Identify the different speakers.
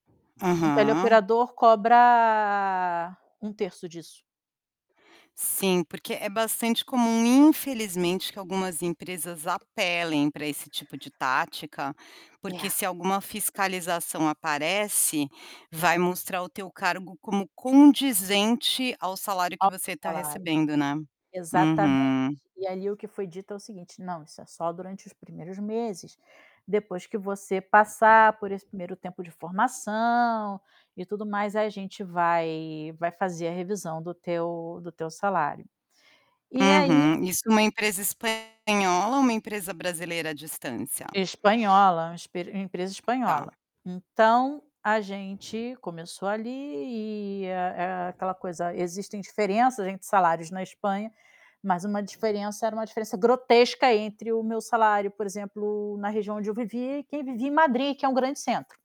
Speaker 1: Um
Speaker 2: Aham.
Speaker 1: tele-operador cobra um 1/3 disso.
Speaker 2: Sim, porque é bastante comum, infelizmente, que algumas empresas apelem para esse tipo de tática,
Speaker 1: É.
Speaker 2: porque se alguma fiscalização aparece, vai mostrar o teu cargo como condizente ao salário que
Speaker 1: Top
Speaker 2: você está
Speaker 1: salário.
Speaker 2: recebendo, né.
Speaker 1: Exatamente,
Speaker 2: Uhum.
Speaker 1: e ali o que foi dito é o seguinte: "Não, isso é só durante os primeiros meses, depois que você passar por esse 1° tempo de formação, e tudo mais, a gente vai vai fazer a revisão do teu do teu salário". E aí
Speaker 2: Uhum, isso numa empresa espanhola ou uma empresa brasileira a distância?
Speaker 1: Espanhola, é um esper é uma empresa
Speaker 2: Tá.
Speaker 1: espanhola. Então, a gente começou ali e a a aquela coisa, existem diferenças entre salários na Espanha, mas uma diferença, era uma diferença grotesca entre o meu salário, por exemplo, na região onde eu vivi, que vivi em Madrid, que é um grande centro.